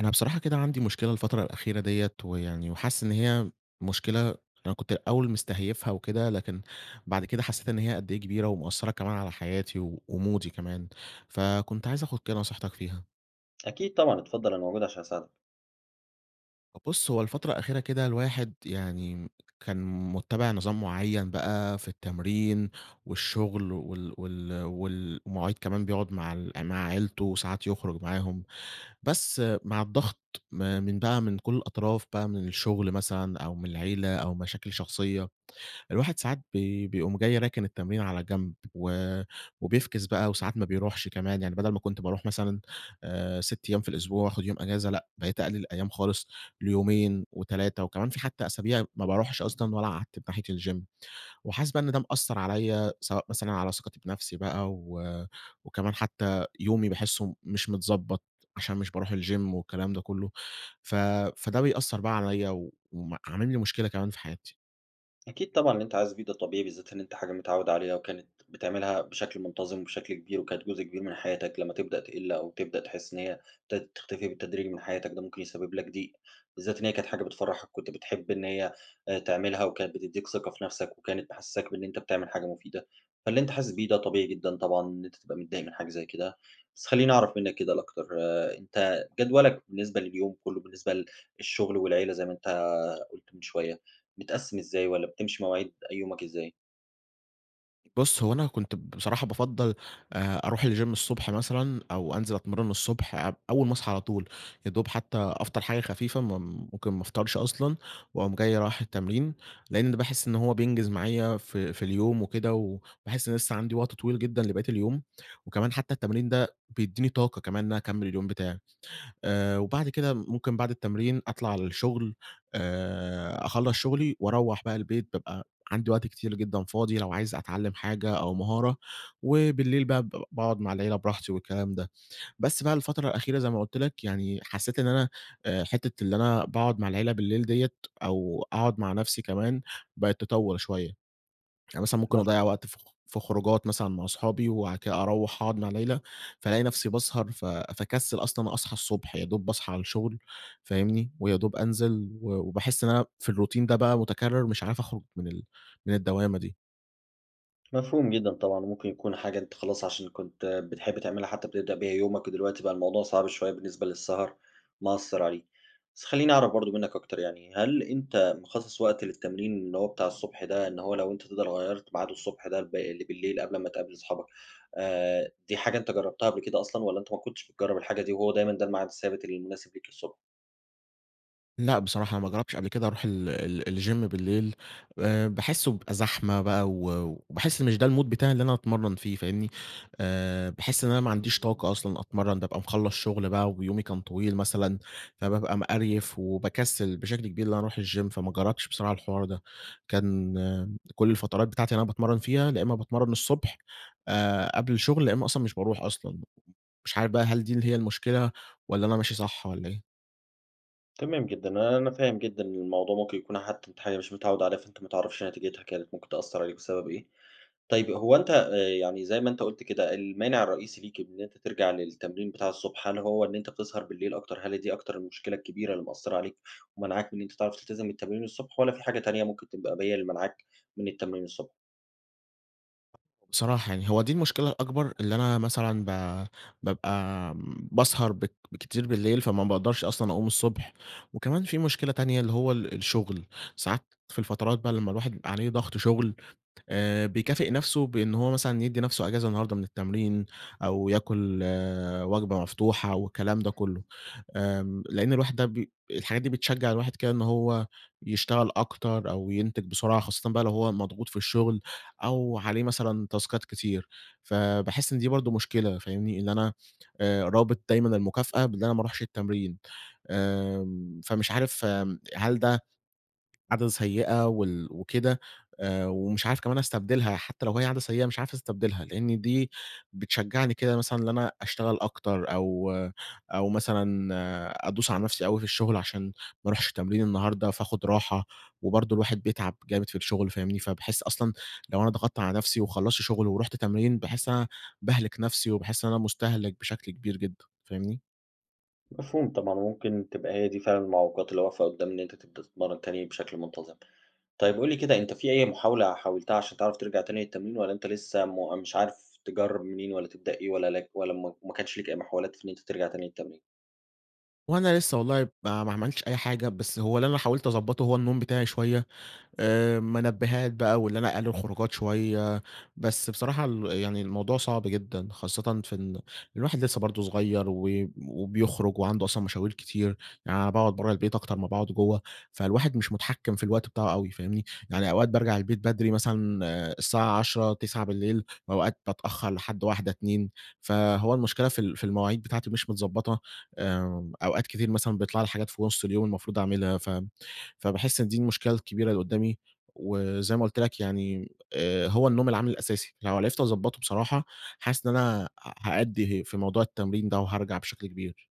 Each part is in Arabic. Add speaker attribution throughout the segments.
Speaker 1: أنا بصراحة كده عندي مشكلة الفترة الأخيرة ديّة ويعني وحاسس إن هي مشكلة أنا كنت الأوّل مستهيفها وكده، لكن بعد كده حسّيت إن هي قد إيه كبيرة ومأثّرة كمان على حياتي ومودي كمان فكنت عايز آخد كده نصيحتك فيها.
Speaker 2: أكيد طبعًا اتفضل أنا موجود عشان أساعدك.
Speaker 1: بُصّ هو الفترة الأخيرة كده الواحد يعني كان مُتَّبِع نظام معيّن بقى في التمرين والشغل وال وال والمواعيد كمان بيقعد مع ال مع عيلته وساعات يخرج معاهم بس مع الضغط م من بقى من كل الأطراف بقى من الشغل مثلًا أو من العيلة أو مشاكل شخصيّة الواحد ساعات بي بيقوم جاي راكن التمرين على جنب و و بيفكس بقى وساعات ما بيروحش كمان. يعني بدل ما كنت باروح مثلًا آآ 6 أيّام في الأسبوع وأخد يوم أجازة لأ بقيت أقلل الأيّام خالص ليومين و3 وكمان في حتّى أسابيع ما باروحش أصلًا والّا أعتّب ناحية الGym وحاسس بقى إن ده مأثر عليَّ سواء مثلًا على ثقتي بنفسي بقى و وكمان حتّى يومي باحسه مش متضبط عشان مش باروح الGym والكلام ده كلّه ف فده بيأثر بقى عليَّ وم عامل لي مشكلة كمان في حياتي.
Speaker 2: أكيد طبعًا، اللي أنت حاسس بيه طبيعي، بالذات إن أنت حاجة متعوّد عليها، وكانت بتعملها بشكل منتظم، وبشكل كبير وكانت جزء كبير من حياتك، لمّا تبدأ تقل أو تبدأ تحس إن هي ابتدت تختفي بالتدريج من حياتك، ده ممكن يسبب لك ضيق، بالذات إن هي كانت حاجة بتفرحك، كنت بتحب إن هي آآ تعملها وكانت بتدّيك ثقة في نفسك، وكانت محسساك بإن أنت بتعمل حاجة مفيدة؛ فاللي أنت حاسس بيه ده طبيعي جدًا طبعًا إن أنت تبقى متضايق من حاجة زي كده، بس خلّيني أعرف منّك كده الأكتر، أنت جدولك بالنسبة لليوم كلّه بالنسبة لل للشغل والعيلة، زي ما أنت قُلت من شويّة، متقسم إزاي؟ والّا بتمشي مواعيد أ يومك إزاي؟
Speaker 1: بُص، هو أنا كنت بصراحة بافضّل آآ أروح الجيم الصبح مثلًا، أو أنزل أتمرّن الصبح أب أوّل ما أصحى على طول، يادوب حتّى أفطر حاجة خفيفة، م ممكن ما أفطرش أصلًا وأقوم جاي رايح التمرين لأن باحس إن هو بينجز معايا في في اليوم وكده، وباحس إن أنا لسّه عندي وقت طويل جدًا لبقية اليوم، وكمان حتّى التمرين ده بيديني طاقة كمان إن أنا أكمل اليوم بتاعي، آآ وبعد كده ممكن بعد التمرين أطلع للشغل، آآ أخلّص شغلي وأروّح بقى البيت، بابقى عندي وقت كتير جدًا فاضي لو عايز أتعلم حاجة أو مهارة، وبالليل بقى ب باقعد مع العيلة براحتي والكلام ده، بس بقى الفترة الأخيرة، زي ما قلت لك يعني، حسّيت إن أنا آآ حتّة اللي أنا باقعد مع العيلة بالليل ديًة أو أقعد مع نفسي كمان بقت تطوّل شويّة، يعني مثلًا ممكن
Speaker 2: [unintelligible]
Speaker 1: أضيع وقت في خ في خروجات مثلًا مع صحابي وبعد كده أروّح أقعد مع العيلة، فالاقي نفسي باسهر، ف فاكسل أصلًا أصحى الصبح، يادوب باصحى على الشغل فاهمني، ويادوب أنزل، و وباحس إن في الروتين ده بقى متكرر، مش عارف أخرج من ال من الدوامة دي.
Speaker 2: مفهوم جدًا طبعًا وممكن يكون حاجة أنت خلاص عشان كنت بتحب تعملها حتّى بتبدأ بها يومك، ودلوقتي بقى الموضوع صعب شويّة بالنسبة للسهر، مأثر عليه. بس خلّيني أعرف برضو منّك أكتر؛ يعني هل أنت مخصص وقت للتمرين اللي هو بتاع الصبح ده إن هو لو أنت تقدر غيرت ميعاد الصبح ده ل بالليل قبل ما تقابل أصحابك، آآ دي حاجة أنت جربتها قبل كده أصلًا والّا أنت ما كنتش بتجرّب الحاجة دي وهو دايمًا ده الميعاد الثابت اللي مناسب ليك الصبح؟
Speaker 1: لأ، بصراحة أنا ما جربش قبل كده أروح ال ال الجيم بالليل، آآ باحسّه بيبقى زحمة بقى و وباحس مش ده المود بتاعي اللي أنا أتمرّن فيه، فاهمني؟ آآ، باحس إن أنا ما عنديش طاقة أصلًا أتمرّن، بابقى خلص شغل بقى ويومي كان طويل مثلًا، فبابقى مقريف وباكسل بشكل كبير إن أنا أروح الجيم فما جربش بسرعة الحوار ده، كان كل الفترات بتاعتي اللي أنا باتمرّن فيها يا إما باتمرّن الصبح، آآ قبل الشغل، يا إما أصلًا مش باروح أصلًا. مش عارف بقى هل دي اللي هي المشكلة، والّا أنا ماشي صح والّا إيه؟
Speaker 2: تمام جدًا، آآ، أنا فاهم جدًا إن الموضوع ممكن يكون حتّى أنت حاجة أنت مش متعوّد عليها فأنت ما تعرفش نتيجتها كانت ممكن تأثر عليك بسبب إيه. طيّب هو أنت آآ، يعني زي ما أنت قلت كده المانع الرئيسي ليك إن أنت ترجع للتمرين بتاع الصبح، هل هو إن أنت بتسهر بالليل أكتر؟ هل هي دي أكتر المشكلة الكبيرة اللي مأثرة عليك ومانعاك إن أنت تعرف تلتزم التمرين الصبح والّا في حاجة تانية ممكن تبقى هي اللي مانعاك من التمرين الصب
Speaker 1: بصراحة يعني هو دي المشكلة الأكبر اللي أنا مثلًا ب بابقى باسهر بك كتير بالليل فما باقدرش أصلًا أقوم الصبح، وكمان في مشكلة تانية؛ اللي هو ال الشغل ساعات في الفترات بقى لمّا الواحد بيبقى عليه ضغط شغل آآ بيكافئ نفسه بأنه هو مثلًا يدّي نفسه إجازة النهارده من التمرين أو ياكل وجبة مفتوحة والكلام ده كلّه، آآ لأن الواحد بي الحاجات دي بتشجع الواحد كده إن هو يشتغل أكتر أو ينتج بسرعة، خاصةً بقى لو هو مضغوط في الشغل أو عليه مثلًا تاسكات كتير، فباحس إن دي برضو مشكلة، فاهمني، إن أنا آآ رابط دايمًا المكافأة بأن أنا ما روحش التمرين، آمم، فمش عارف هل ده عادة سيئة وال وكده؟ آآ، ومش عارف كمان أستبدلها حتّى لو هي عادة سيئة مش عارف أستبدلها لإن دي بتشجعني كده مثلًا إن أنا أشتغل أكتر أو أو مثلًا أدوس على نفسي أوي في الشغل عشان ما روحش تمرين النهارده، فاخد راحة، وبرضو الواحد بيتعب جامد في الشغل فاهمني، فباحس أصلًا لو أنا ضغطت على نفسي وخلصت شغل ورحت تمرين، باحس إن أنا باهلك نفسي وباحس إن أنا مستهلك بشكل كبير جدًا. فاهمني؟
Speaker 2: مفهوم طبعًا، وممكن تبقى هي دي فعلًا المعوقات اللي واقفة قدّام إن أنت تبدأ مرّة تانية بشكل منتظم. طيّب، قل لي كده، أنت في أي محاولة حاولتها عشان تعرف ترجع تاني للتمرين والّا أنت لسّه مُ مش عارف تجرّب منين، والّا تبدأ إيه، والّا لك والّا م ما كانش لك أي محاولات في إن أنت ترجع تاني للتمرين؟
Speaker 1: هو أنا لسّه والله ما ما عملتش أي حاجة، بس هو اللي أنا حاولت أضبطه هو النوم بتاعي شويّة. آآ، منبهات بقى وإن أنا أقلل الخروجات شويّة، بس بصراحة ال يعني الموضوع صعب جدًا، خاصةً في إن الواحد لسّه برضو صغيّر و وبيخرج وعنده أصلًا مشاوير كتير. يعني أنا باقعد برّه البيت أكتر ما باقعد جوّه، فالواحد مش متحكم في الوقت بتاعه أوي، فاهمني؟ يعني أوقات بارجع البيت بدري مثلًا، الساعة 22:00 21:00 بالليل، وأوقات بتأخر لحد 01:00 02:00، فهو المشكلة في ال في المواعيد بتاعتي مش متضبطة. آآ، أوقات كتيرة مثلًا بيطلع لي حاجات في نص اليوم المفروض أعملها، فاهم؟ فباحس إن دي المشكلة الكبيرة اللي قدّامي، وزي ما قلت لك يعني آآ، هو النوم العامل الأساسي، لو عرفت اضبطه بصراحة حاسس إن أنا آآ، ه هأدي في موضوع التمرين ده وهارجع بشكل كبير.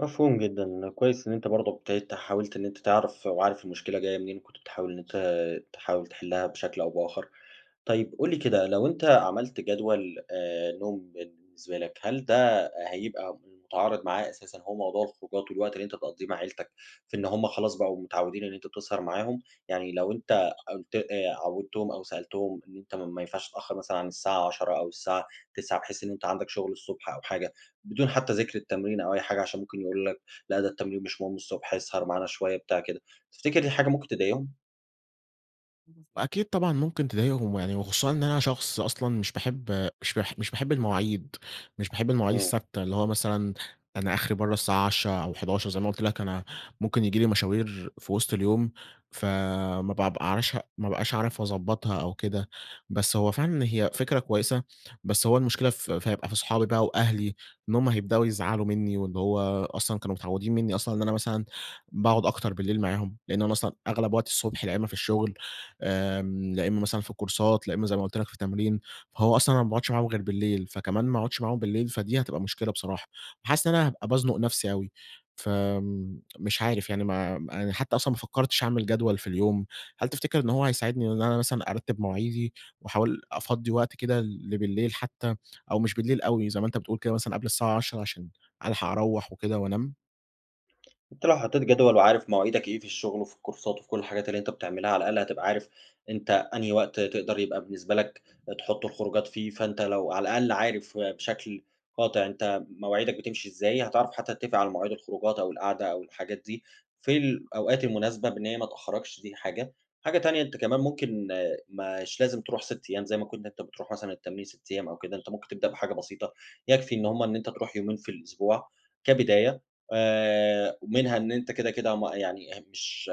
Speaker 2: مفهوم جدًا، كويس إن أنت برضه ابتديت حاولت إن أنت تعرف، وعارف المشكلة جاية منين، كنت بتحاول إن أنت تحاول تحلها بشكل أو بآخر. طيب، قُل لي كده، لو أنت عملت جدول آآ، نوم بالنسبة لَك، هل ده هيبقى متعارض معاه أساسًا اللي هو موضوع الخروجات والوقت اللي أنت بتقضيه مع عيلتك، في إن هم خلاص بقوا متعودين إن أنت بتسهر معاهم؟ يعني لو أنت قلت آآ، عودّتهم أو سألتهم إن أنت ما ينفعش تتأخر مثلًا عن الساعة 22:00 أو الساعة 21:00 بحيث إن أنت عندك شغل الصبح أو حاجة، بدون حتى ذكر التمرين أو أي حاجة، عشان ممكن يقولوا لك، لأ ده التمرين مش مهم الصبح إسهر معانا شوية، بتاع، كده، تفتكر دي حاجة ممكن تضايقهم؟
Speaker 1: أكيد طبعًا، ممكن تضايقهم ويعني وخصوصًا إن أنا شخص أصلًا مش باحب مش باح مش باحب المواعيد، مش باحب المواعيد
Speaker 2: إمم.
Speaker 1: الثابتة اللي هو مثلًا أنا آخري برا الساعة 22:00 أو 23:00 زي ما قلت لَك أنا ممكن ييجي لي مشاوير في وسط اليوم، فما بابقعرش ما بابقاش أعرف أضبطّها أو كده. بس هو فعلًا هي فكرة كويسة، بس هو المشكلة ف ف هيبقى في صحابي بقى وأهلي إن هم هيبدأوا يزعلوا مني، وإن هو أصلًا كانوا متعودين مني أصلًا إن أنا مثلًا باقعد أكتر بالليل معاهم، لإن أنا أصلًا أغلب وقت الصبح لإمّا في الشغل، آمم، لإمّا مثلًا في الكورسات، لإمّا زي ما قلت لَك في التمرين. فهو أصلًا أنا ما بأقعدش معاهم غير بالليل، فكمان ما أقعدش معاهم بالليل، فدي هتبقى مشكلة بصراحة، فحاسس إن أنا هابقى بأزنق نفسي أوي، فمش عارف يعني مع ما أنا حتى أصلًا ما فكرتش أعمل جدول في اليوم. هل تفتكر إن هو هيساعدني إن أنا مثلًا أرتب مواعيدي وأحاول أفضّي وقت كده لبليل حتى، أو مش بالليل أوي زي ما أنت بتقول كده مثلًا قبل الساعة 22:00 عشان ألحق أروّح وكده وأنام؟
Speaker 2: أنت لو حطيت جدول وعارف مواعيدك إيه في الشغل وفي الكورسات وفي كل الحاجات اللي أنت بتعملها، على الأقل هتبقى عارف أنت أنهي وقت تقدر يبقى بالنسبة لك تحط الخروجات فيه، فأنت لو على الأقل عارف بشكل قاطع أنت مواعيدك بتمشي إزاي، هتعرف حتّى تتفق على مواعيد الخروجات أو القعدة أو الحاجات دي في الأوقات المناسبة بإن هي ما تأخركش، دي حاجة؛ حاجة تانية كمان ممكن مش لازم تروح 6 أيّام زي ما كن كنت بتروح مثلًا التمرين 6 أيّام أو كده، أنت ممكن تبدأ بحاجة بسيطة يكفي إن هم إن أنت تروح يومين في الأسبوع كبداية، آآ ومنها إن أنت كده كده ما يعني هم مش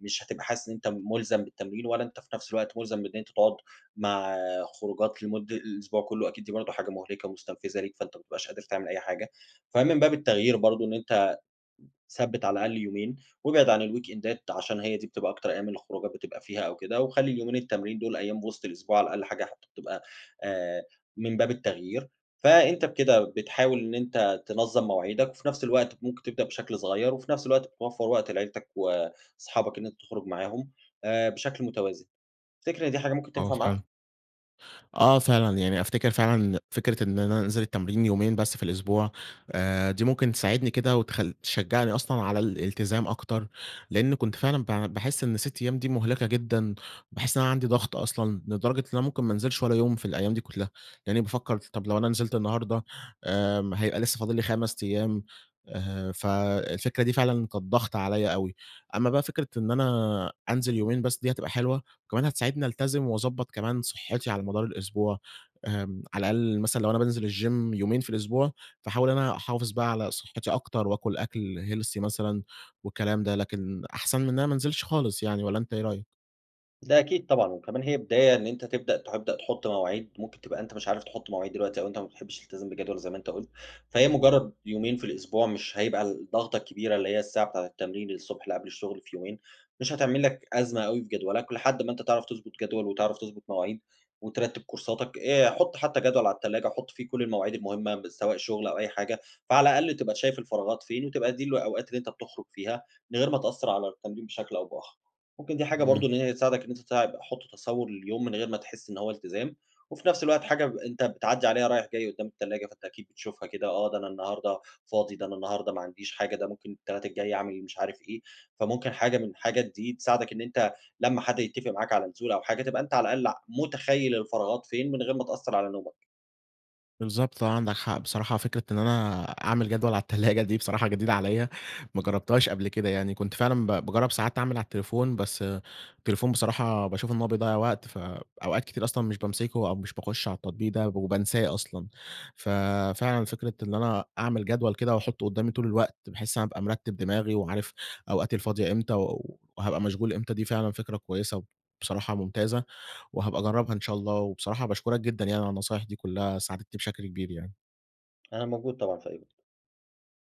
Speaker 2: مش هتبقى حاسس إن أنت ملزم بالتمرين، والَّا أنت في نفس الوقت ملزم إن أنت تقعد مع خروجات لمد الأسبوع كلّه، أكيد دي برضو حاجة مهلِكة ومستنفِذة ليك، فأنت ما بتبقاش قادر تعمل أي حاجة، فمِن باب التغيير برضو إن أنت ثبِّت على الأقل يومين وابعد عن الـويك إندات عشان هي دي بتبقى أكتر من الخروجات بتبقى فيها أو كده، وخلّي اليومين التمرين دول أيّام في وسط الأسبوع على الأقل حاجة بتبقى آآ من باب التغيير، فأنت بكده بتحاول إن أنت تنظم مواعيدك وفي نفس الوقت ممكن تبدأ بشكل صغيّر، وفي نفس الوقت بتوفر وقت لعيلتك وأصحابك إن أنت تخرج معاهم آآ بشكل متوازن، تفتكر إن دي حاجة ممكن
Speaker 1: آه
Speaker 2: تنفع معاك؟
Speaker 1: فعلًا. آه فعلًا يعني أفتكِر فعلًا إن فكرة إن أنا أنزل التمرين يومين بس في الأسبوع آآ دي ممكن تساعدني كده وتخ تشجعني أصلًا على الإلتزام أكتر لأن كنت فعلًا ب باحس إن 6 أيّام دي مُهلِكة جدًا، باحس إن أنا عندي ضغط أصلًا لدرجة إن أنا ممكن ما انزلش والّا يوم في الأيّام دي كلّها، يعني بافكر طب لو أنا نزِلت النهارده آمم هيبقى لسّه فاضل لّي 5 أيّام، آآ فالفكرة دي فعلًا كانت ضغط عليَّ أوي، أما بقى فكرة إن أنا أنزل يومين بس دي هتبقى حلوة، وكمان هتساعدني ألتزم واضبط كمان صحّتي على مدار الأسبوع، آمم على الأقل مثلًا لو أنا بانزل الgym يومين في الأسبوع فاحاول أنا أحافظ بقى على صحتي أكتر وآكل أكْل healthy مثلًا والكلام ده، لكن أحسن من أنا ما انزلش خالص يعني والَّا أنت إيه رأيك؟
Speaker 2: ده أكيد طبعًا وكمان هي بداية إن أنت تبدأ تبدأ تحُط مواعيد، ممكن تبقى أنت مش عارف تحُط مواعيد دلوقتي أو أنت ما بتحبش تلتزم بجدول زي ما أنت قُلت. فهي مجرد يومين في الأسبوع مش هيبقى الضغطة كبيرة اللي هي الساعة بتاعة التمرين الصبح اللي قبل الشغل في يومين، مش هتعمل لك أزمة أوي في جدولك لحد ما أنت تعرف تضبط جدول وتعرف تضبط مواعيد وترتب كورساتك آآ حُط حتى جدول على التلاجة، حُط فيه كل المواعيد المهمة م سواء شغل أو أي حاجة، فعلى الأقل تبقى ت شايف الفراغات فين وتبقى دي الأوقات اللي أنت بتخرج فيها من غير ما تأثر على التمرين بشكل أو بآخر. ممكن دي حاجة برضه
Speaker 1: امم.
Speaker 2: إن هي تساعدك إن أنت تع حُط تصور لليوم من غير ما تحس إن هو التزام، وفي نفس الوقت حاجة ب أنت بتعدّي عليها رايح جاي قُدّام التلاجة فأنت أكيد بتشوفها كده، آه، ده أنا النهارده فاضي، ده أنا النهارده ما عنديش حاجة، ده ممكن التلات الجاي أعمل مش عارف إيه، فممكن حاجة من الحاجات دي تساعدك إن أنت لمّا حد يتفق معاك على نزولة أو حاجة تبقى أنت على الأقل ع مُتخيّل الفراغات فين من غير ما تأثر على نومك.
Speaker 1: بالضبط آه، عندك حق، بصراحة فكرة إن أنا أعمل جدول على التلاجة دي بصراحة جديدة عليَّ، ما جربتهاش قبل كده يعني، كنت فعلًا ب باجرب ساعات أعمل على التليفون بس التليفون بصراحة باشوف إن هو بيضّيع وقت فأوقات كتير أصلًا مش بامسكه أو مش باخُش على التطبيق ده وبانساه أصلًا. ففعلًا فكرة إن أنا أعمل جدول كده وأحُطه قدامي طول الوقت، بحيث أنا أبقى مرتِب دماغي وعارف أوقاتي الفاضية إمتى و وهابقى مشغول إمتى، دي فعلًا فكرة كويسة وبصراحة ممتازة وهابقى أجربها إن شاء الله وبصراحة باشكرك جدًا يعني على النصايح دي كلّها ساعدتني بشكل كبير يعني.
Speaker 2: أنا موجود طبعًا في أي وقت.